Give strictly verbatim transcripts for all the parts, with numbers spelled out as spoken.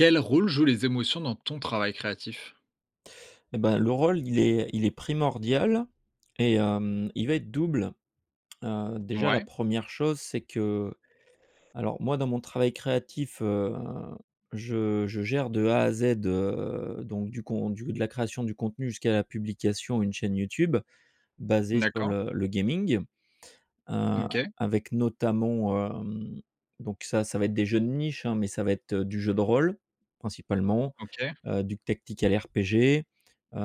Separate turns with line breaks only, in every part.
Quel rôle jouent les émotions dans ton travail créatif?
Et bah, le rôle il est il est primordial et hem, il va être double. Heu, déjà la
Ouais.
première chose c'est que alors moi, dans mon travail créatif heu, je je gère de A à Z heu, donc du con du de la création du contenu jusqu'à la publication et une chaîne YouTube, basée sur
D'accord.
le le gaming. Heu,
OK.
avec notamment heu, donc ça ça va être des jeux de niche hein, mais ça va être du jeu de rôle, principalement
OK.
heu, du Tactical RPG heu,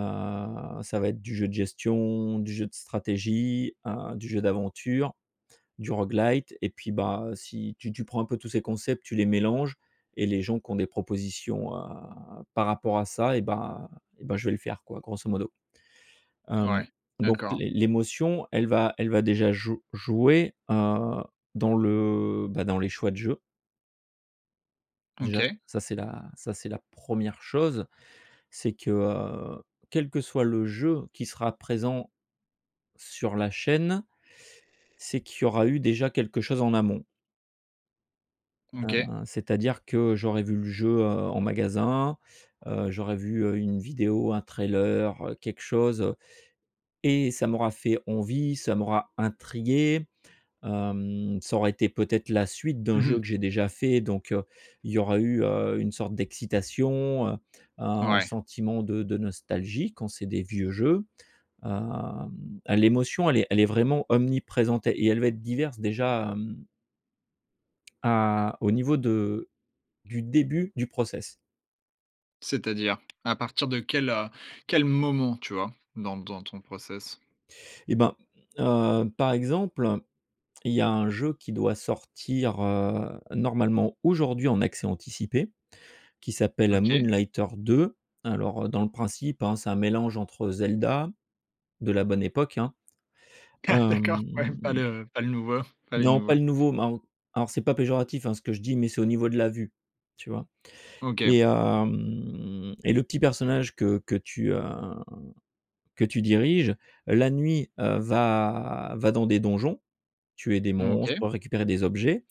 ça va être du jeu de gestion, du jeu de stratégie heu, du jeu d'aventure, du rogue-lite et puis bah, si tu tu prends un peu tous ces concepts, tu les mélanges et les gens qui ont des propositions à par rapport à ça et bah et bah je vais le faire quoi, grosso modo. Hem,
Ouais,
donc
d'accord.
l'é l'émotion elle va elle va déjà jou jouer heu, dans le bah, dans les choix de jeu déjà
OK.
ça c'est la ça c'est la première chose. C'est que heu, quel que soit le jeu qui sera présent sur la chaîne, c'est qu'il y aura eu déjà quelque chose en amont heu,
OK.
c'est-à-dire que j'aurais vu le jeu, heu, en magasin heu, j'aurais vu, heu, une vidéo, un trailer, quelque chose. Et ça m'aura fait envie, ça m'aura intrigué, hem, ça aura été, peut être, la suite d'un
Mmh
jeu
mh.
que j'ai déjà fait. Donc, il y aura eu, heu, une sorte d'excitation, heu, un
Ouais.
sentiment de de nostalgie, quand c'est des vieux jeux. Hem, l'émotion, elle est elle est vraiment omniprésente et elle va être diverses déjà hem à au niveau de du début du process.
C'est-à-dire? À partir de quel heu, quel moment tu vois, dans dans ton process?
Et ben heu, par exemple, il y a un jeu qui doit sortir heu, normalement aujourd'hui en accès anticipé, qui s'appelle
OK.
Moonlighter 2. Alors dans le principe hein, c'est un mélange entre Zelda de la bonne époque hein,
Ah!
hem
D'accord! Ouais, pas le pas le nouveau pas les
Non pas
nouveaux.
le nouveau, ma alors c'est pas péjoratif hein, ce que je dis mais c'est au niveau de la vue, tu vois? Et
OK.
hem et le petit personnage que que tu heu, que tu diriges la nuit heu, va va dans des donjons, tuer des
OK.
monstres, récupérer des objets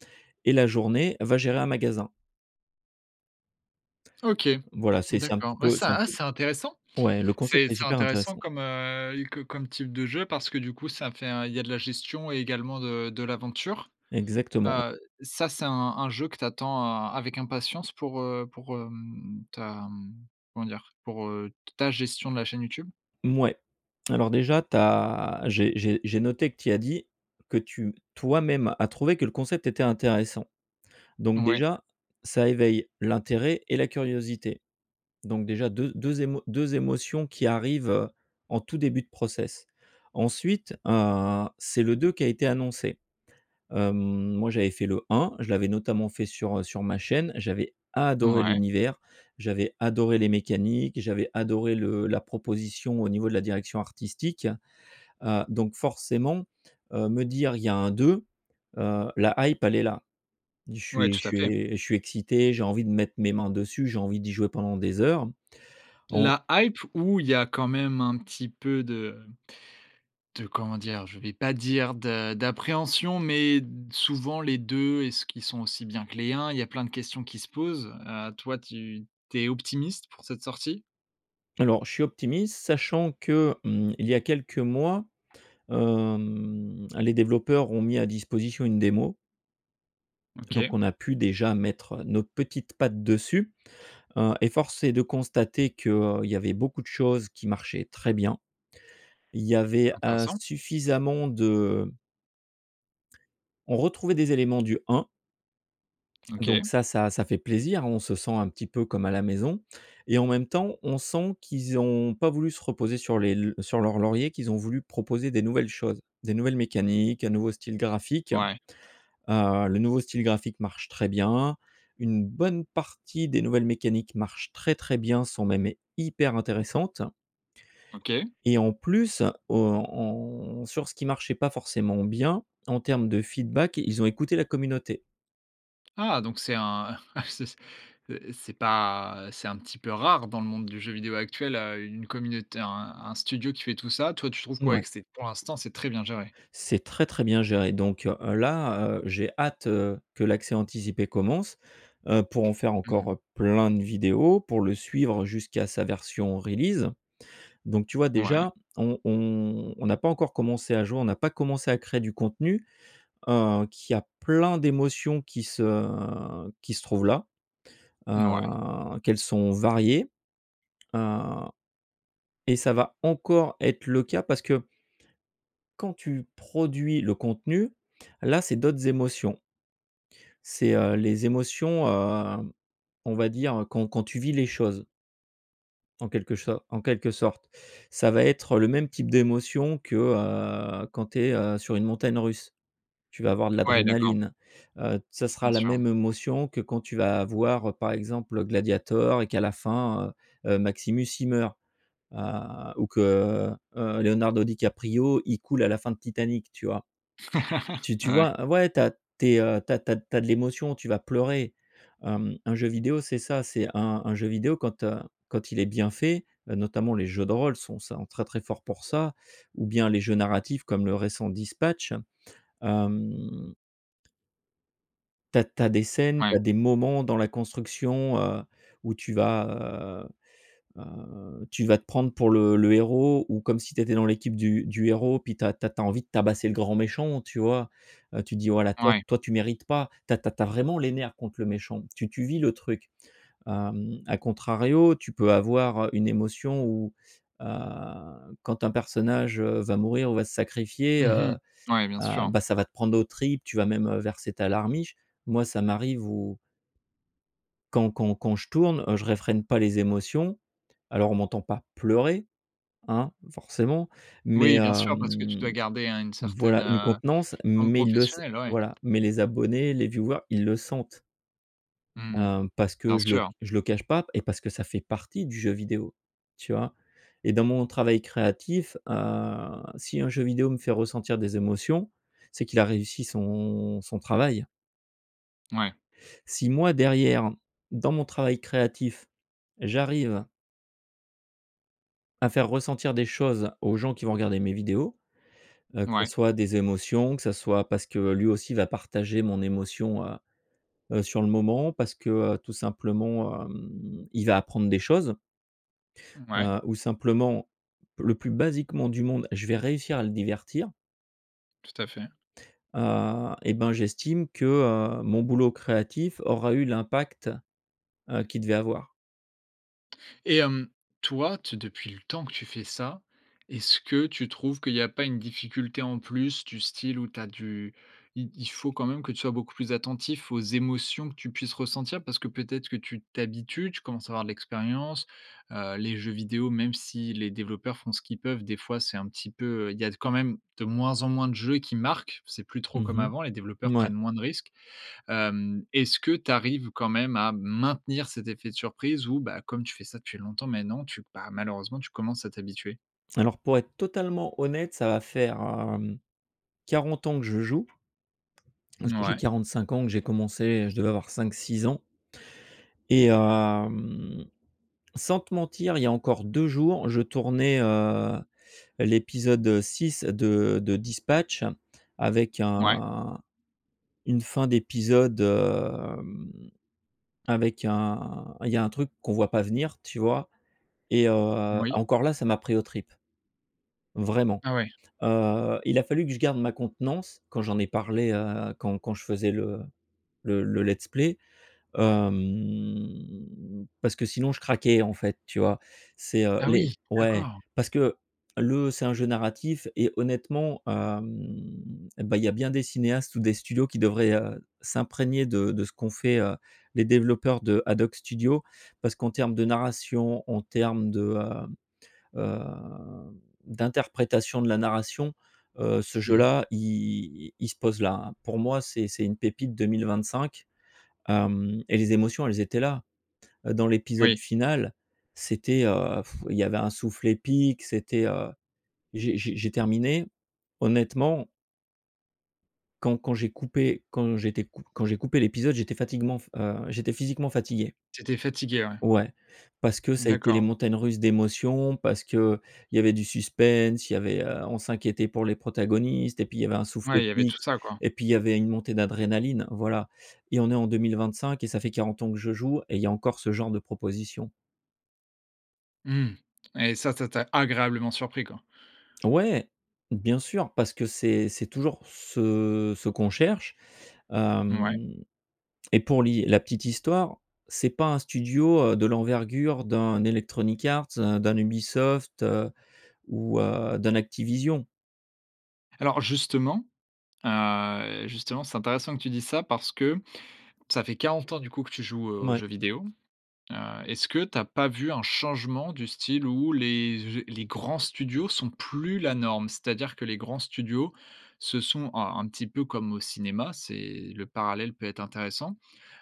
et la journée va gérer un magasin.
OK,
Voilà, c'est c'est un
d'accord.
petit
Ouais
peu c'est
ça
un
à
petit
c'est intéressant,
peu ouais le concept
c'est
est
c'est
super
intéressant
intéressant.
comme heu, co comme type de jeu parce que du coup ça fait un il y a de la gestion et également de de l'aventure.
Exactement, ouais.
Heu, ça c'est un un jeu que tu attends avec impatience pour heu, pour hem, ta comment dire? Pour heu, ta gestion de la chaîne YouTube?
Mouais. Alors déjà tu as j'ai j'ai j'ai noté que tu y as dit que tu toi-même a trouvé que le concept était intéressant. Donc
Oui.
déjà, ça éveille, l'intérêt et la curiosité. Donc déjà deu deux émo deux émotions qui arrivent heu, en tout début de process. Ensuite heu, c'est le deux qui a été annoncé. Hem, moi j'avais fait le un, je l'avais notamment fait sur heu, sur ma chaîne. J'avais adoré
Ouais.
l'univers, j'avais adoré les mécaniques, j'avais adoré le la proposition au niveau de la direction artistique. Heu, donc forcément heu, me dire: «Il y a un deux», heu, la hype elle est là. Je
Ouais,
suis je
tout à
suis
fait.
é je suis excité, j'ai envie de mettre mes mains dessus, j'ai envie d'y jouer pendant des heures, en
La hype ou il y a quand même un petit peu de de comment dire? Je vais pas dire de d'appréhension mais souvent les deux, est-ce qu'ils sont aussi bien que les un? Il y a plein de questions qui se posent. Heu, toi tu tu es optimiste pour cette sortie?
Alors je suis optimiste sachant que, mmh, il y a quelques mois, hem, les développeurs ont mis à disposition une démo.
OK.
Donc on a pu déjà mettre nos petites pattes dessus, heu, et force est de constater qu'il y avait beaucoup de choses qui marchaient très bien. Il y avait, heu,
Intéressant.
suffisamment de on retrouvait des éléments du un
OK.
donc ça ça ça fait plaisir, on se sent un petit peu comme à la maison. Et en même temps, on sent qu'ils ont pas voulu se reposer sur les sur leurs lauriers, qu'ils ont voulu proposer des nouvelles choses, des nouvelles mécaniques, un nouveau style graphique.
Ouais.
Heu, le nouveau style graphique marche très bien. Une bonne partie des nouvelles mécaniques marchent très, très bien, sont même hyper intéressantes
OK.
et en plus o on sur ce qui marchait pas forcément bien, en termes de feedback, ils ont écouté la communauté.
Ah! Donc c'est un ah c'est c'est pas, c'est un petit peu rare dans le monde du jeu vidéo actuel heu. Une communauté un un studio qui fait tout ça. Toi, tu trouves que, ouais,
Mouais.
c'est, pour l'instant, c'est très bien géré?
C'est très, très bien géré donc, heu, là j'ai hâte heu, que l'accès anticipé commence, heu, pour en faire
Mmh mh.
encore plein de vidéos, pour le suivre jusqu'à sa version release. Donc tu vois
Ouais.
déjà on on on n'a pas encore commencé à jouer, on n'a pas commencé à créer du contenu, heu, qu'il y a plein d'émotions qui se qui se trouvent là.
Ouais.
Heu, qu'elles sont variées heu, et ça va encore être le cas parce que quand tu produis le contenu, là c'est d'autres émotions c'est heu, les émotions, heu, on va dire heu, quand quand tu vis les choses en quelque cho en quelque sorte. Ça va être le même type d'émotion que, heu, quand tu es, heu, sur une montagne russe. Tu vas avoir de
Ouais, d'accord.
l'adrénaline, heu, ça sera
Bien
la
sûr, oui.
même émotion que quand tu vas voir, par exemple, Gladiator et qu'à la fin, heu, Maximus il meurt, heu, ou que, heu, heu, Leonardo Di Caprio il coule à la fin de Titanic, tu vois? Tu tu
Ouais.
vois? Ouais tu as tu es tu as tu as tu as de l'émotion, tu vas pleurer. Hem, un jeu vidéo c'est ça, c'est un un jeu vidéo quand, heu, quand il est bien fait, notamment les jeux de rôle, sont sa très, très forts pour ça. Ou bien, les jeux narratifs comme le récent Dispatch hem tu as tu as des scènes, tu
Ouais.
as des moments dans la construction heu, où tu vas, heu, heu, tu vas te prendre pour le le héros ou comme si tu étais dans l'équipe du du héros puis tu as tu as envie de tabasser le grand méchant, tu vois? Tu dis: «Voilà toi
Ouais.
toi tu mérites pas», tu as tu as vraiment les nerfs contre le méchant, tu tu vis le truc. Hem, à contrario, tu peux avoir, heu, une émotion ou, heu, quand un personnage, heu, va mourir ou va se sacrifier heu,
Mmh mh, ouais, bien
heu,
sûr.
bah ça va te prendre aux tripes, tu vas même, heu, verser ta larmiche. Moi ça m'arrive où quand quand quand je tourne, heu, je réfrène pas les émotions, alors on m'entend pas pleurer, hein, forcément, mais
Oui, bien sûr, parce que tu
hem
dois garder un une certaine
Voilà, une
heu,
contenance
forme
mais il le sai
professionnelle oui.
voilà mais les abonnés, les viewers ils le sentent
Mmh mh,
hem, parce
bien
que je le
sûr.
je le cache pas et parce que ça fait partie du jeu vidéo, tu vois? Et dans mon travail créatif, heu, si un jeu vidéo me fait ressentir des émotions, c'est qu'il a réussi son son travail
Ouais.
si moi derrière, dans mon travail créatif, j'arrive à faire ressentir des choses, aux gens qui vont regarder mes vidéos, heu, que ce
Ouais.
soit des émotions, que ce soit parce que lui aussi va partager mon émotion, heu, heu, sur le moment, parce que, tout simplement, heu, il va apprendre des choses
Ouais.
heu, ou simplement, le plus basiquement du monde, je vais réussir à le divertir
Tout à fait.
heu et ben j'estime que, heu, mon boulot créatif aura eu l'impact heu, qu'il devait avoir.
Et hem, toi, t depuis le temps que tu fais ça, est-ce que tu trouves qu'il y a pas une difficulté en plus? Du style où tu as du i il faut quand même que tu sois beaucoup plus attentif aux émotions que tu puisses ressentir, parce que peut-être que tu t'habitues, tu commences à avoir de l'expérience. Heu, les jeux vidéos, même si les développeurs font ce qu'ils peuvent, des fois c'est un petit peu, heu, il y a quand même, de moins en moins, de jeux qui marquent. C'est plus trop
Mmh
comme
mh.
avant, les développeurs
Mouais.
prennent moins de risques. Hem, est-ce que tu arrives quand même à maintenir cet effet de surprise, ou, bah, comme tu fais ça depuis longtemps maintenant, tu, bah, malheureusement tu commences à t'habituer?
Alors pour être totalement honnête ça va faire, hem, quarante ans que je joue. Parce que j'ai
Ouais.
quarante-cinq ans et que j'ai commencé, je devais avoir cinq-six ans. Et, hem, sans te mentir, il y a encore deux jours, je tournais, heu, l'épisode six de de Dispatch avec
Ouais.
un une fin d'épisode, hem, avec un il y a un truc qu'on voit pas venir, tu vois? Et, heu,
Oui.
encore là ça m'a pris aux tripes. Vraiment,
Ah ouais.
heu, il a fallu que je garde ma contenance quand j'en ai parlé, heu, quand quand je faisais le le le let's play, hem, parce que sinon je craquais, en fait, tu vois? C'est, heu
Ah
les
oui,
ouais.
d'accord!
Parce que, le c'est un jeu narratif et honnêtement, hem, bah, il y a bien des cinéastes ou des studios qui devraient, heu, s'imprégner de de ce qu'ont fait, heu, les développeurs de AdHoc Studio. Parce qu'en terme de narration, en terme de, heu, heu, d'interprétation de la narration, heu, ce
Mmh mh.
jeu-là, i il se pose là, hein. Pour moi, c'est c'est une pépite deux mille vingt-cinq, hem, et les émotions, elles étaient là. Dans l'épisode
Oui.
final, c'était, heu, il y avait un souffle épique c'était, heu, j'ai j'ai j'ai terminé, honnêtement quand quand j'ai coupé, quand j'étais cou quand j'ai coupé l'épisode j'étais fatiguement heu, j'étais physiquement fatigué.
Tu étais fatigué, ouais.
Ouais. Parce que ça a été les
D'accord.
montagnes russes d'émotion, parce qu'il y avait du suspense, il y avait, heu, on s'inquiétait pour les protagonistes, et puis il y avait un souffle
Ouais, il y avait tout
épique
ça quoi.
et puis il y avait une montée d'adrénaline. Voilà, et on est en deux mille vingt-cinq et ça fait quarante ans que je joue, et il y a encore ce genre de proposition.
Mmh. Et ça, ça t'as agréablement surpris, quoi.
Ouais! Bien sûr. Parce que c'est c'est toujours ce ce qu'on cherche,
Mouais.
hem, et pour li, la petite histoire, c'est pas un studio, heu, de l'envergure d'un Electronic Arts, heu, d'un Ubisoft, heu, ou, heu, d'un Activision.
Alors justement, heu, justement c'est intéressant que tu dises ça parce que, ça fait quarante ans, du coup, que tu joues aux
Mouais.
jeux vidéo. Heu, est-ce que tu as pas vu un changement du style où les les grands studios sont plus la norme? C'est-à-dire que les grands studios se sont alors, un petit peu comme au cinéma, c'est le parallèle peut être intéressant.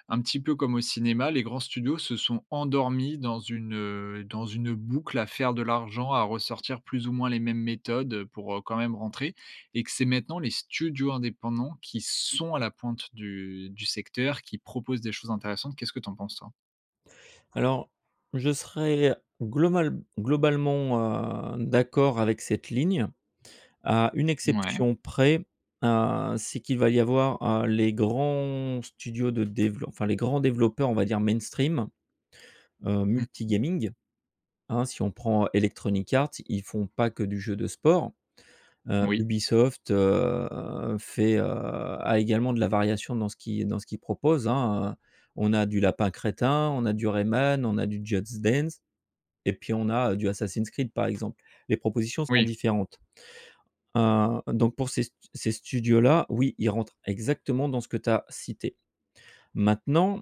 Un petit peu comme au cinéma, les grands studios se sont endormis dans une, heu, dans une boucle à faire de l'argent, à ressortir plus ou moins les mêmes méthodes, pour, heu, quand même rentrer et que c'est maintenant les studios indépendants qui sont à la pointe du du secteur, qui proposent des choses intéressantes, qu'est-ce que tu en penses toi?
Alors, je serais global globalement, heu, d'accord avec cette ligne. À une
Mouais.
exception près, heu, c'est qu'il va y avoir, heu, les grands studios de develo enfin les grands développeurs on va dire mainstream. Heu,
Mmh mh.
multi-gaming, hein, si on prend Electronic Arts, ils font pas que du jeu de sport. Heu,
Oui.
Ubisoft, heu, fait, heu a également de la variation dans ce qui dans ce qu'il propose, hein, heu, on a du Lapins Crétins, on a du Rayman, on a du Just Dance et puis on a du Assassin's Creed par exemple. Les propositions sont
Oui.
différentes. Hein, donc pour ces st ces studios là, oui, ils rentrent exactement dans ce que tu as cité. Maintenant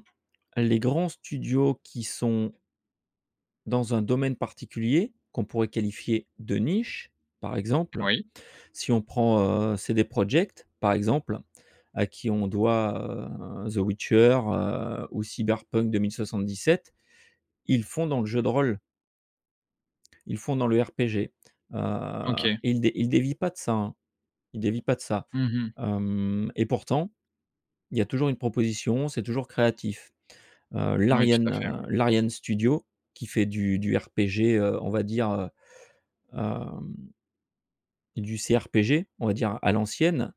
les grands studios qui sont dans un domaine particulier, qu'on pourrait qualifier de niche, par exemple.
Oui.
Si on prend, heu, CD Project, par exemple, à qui on doit, heu, The Witcher, heu, ou Cyberpunk deux mille soixante-dix-sept. Ils font dans le jeu de rôle. Ils font dans le RPG, heu,
OK.
ils dé ils dévient pas de ça, hein, ils dévient pas de ça.
Mmh mh.
Hem, et pourtant il y a toujours une proposition, c'est toujours créatif. Heu,
Oui, tout
l'Ariane,
à fait, ouais.
heu, l'Ariane Studio qui fait du du RPG. Heu, on va dire, heu, hem du CRPG, on va dire, à l'ancienne,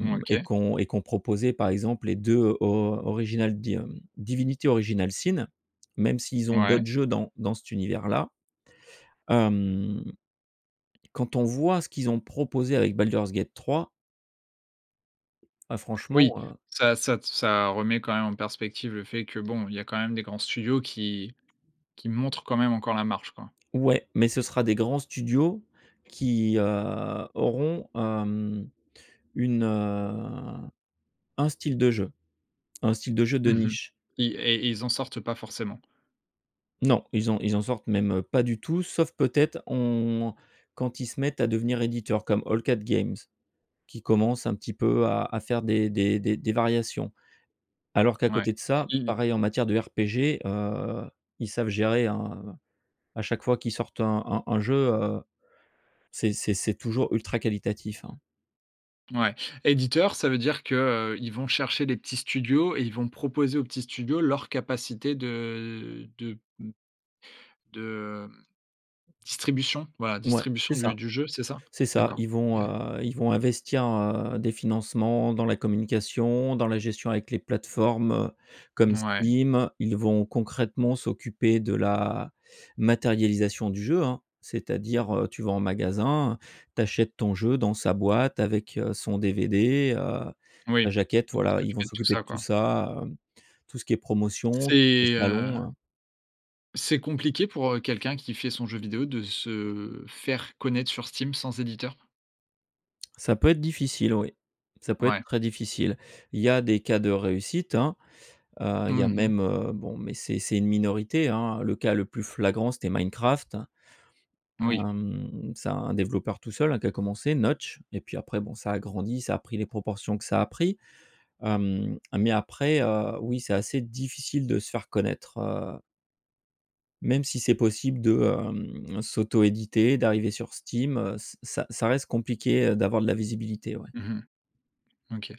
Mmh,
et
OK.
qu'on et qu'on proposait, par exemple, les deux or original D hem, Divinity Original Sin, même s'ils ont d'autres
Ouais.
jeux dans dans cet univers là. Hem, quand on voit ce qu'ils ont proposé avec Baldur's Gate trois bah, franchement,
Oui,
heu.
ça ça ça remet quand même en perspective le fait que bon, il y a quand même des grands studios qui qui montrent quand même encore la marche quoi.
Ouais, mais ce sera des grands studios qui, heu, auront, hem, une, heu, un style de jeu. Un style de jeu de
Mmh mh.
niche.
Et i et ils en sortent pas forcément.
Non. Ils en ils en sortent même pas du tout, sauf peut-être, on quand ils se mettent à devenir éditeur comme All Cat Games qui commence un petit peu à à faire des des des variations. Alors qu'à
Ouais,
côté de ça,
mmh mh.
pareil, en matière de RPG. Heu, ils savent gérer, hein, heu, à chaque fois qu'ils sortent un un un jeu, heu, c'est c'est c'est toujours ultra qualitatif, hein.
Mouais, éditeur ça veut dire que, heu, ils vont chercher les petits studios, et ils vont proposer aux petits studios leur capacité de de m de, hem, distribution, voilà
Mouais, c'est
distribution du
ça,
du jeu, c'est ça?
c'est ça.
D'accord,
Ils
OK.
vont, heu, ils vont investir, heu, des financements dans la communication, dans la gestion avec les plateformes, heu, comme
Ouais.
Steam, ils vont concrètement s'occuper de la matérialisation du jeu, hein. C'est-à-dire, heu, tu vas en magasin, tu achètes ton jeu dans sa boîte avec, heu, son DVD. Heu,
Oui,
la jaquette,
ils vont
voilà, ils vont
s'occuper de tout
s'occuper
ça
de tout
quoi.
ça, hem, tout ce qui est promotion, tout ce
C'est
qui est salon,
heu
heu.
c'est compliqué pour, heu, quelqu'un qui fait son jeu vidéo de se faire connaître sur Steam, sans éditeur?
Ça peut être difficile oui, ça peut être
Ouais.
très difficile. Il y a des cas de réussite, hein. Heu, il y a
Mmh mh.
même, heu, bon, mais c'est c'est une minorité, hein, le cas le plus flagrant c'était Minecraft, hein.
Oui.
Hem, c'est un développeur tout seul, hein, qui a commencé, Notch, et puis après bon, ça a grandi, ça a pris les proportions que ça a pris. Hem, mais après, heu, oui c'est assez difficile de se faire connaître, heu même si c'est possible de, hem, s'autoéditer. D'arriver sur Steam, heu, ça ça reste compliqué, heu, d'avoir de la visibilité, ouais.
Mmh mh. OK.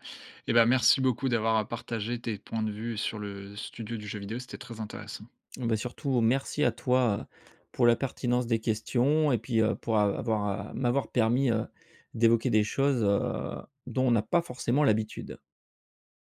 Et bah, merci beaucoup d'avoir partager tes points de vue sur le studio du jeu vidéo, c'était très intéressant.
Beh, surtout merci à toi pour la pertinence des questions et puis, heu, pour av avoir m'avoir permis, heu, d'évoquer des choses, heu, dont on n'a pas forcément l'habitude.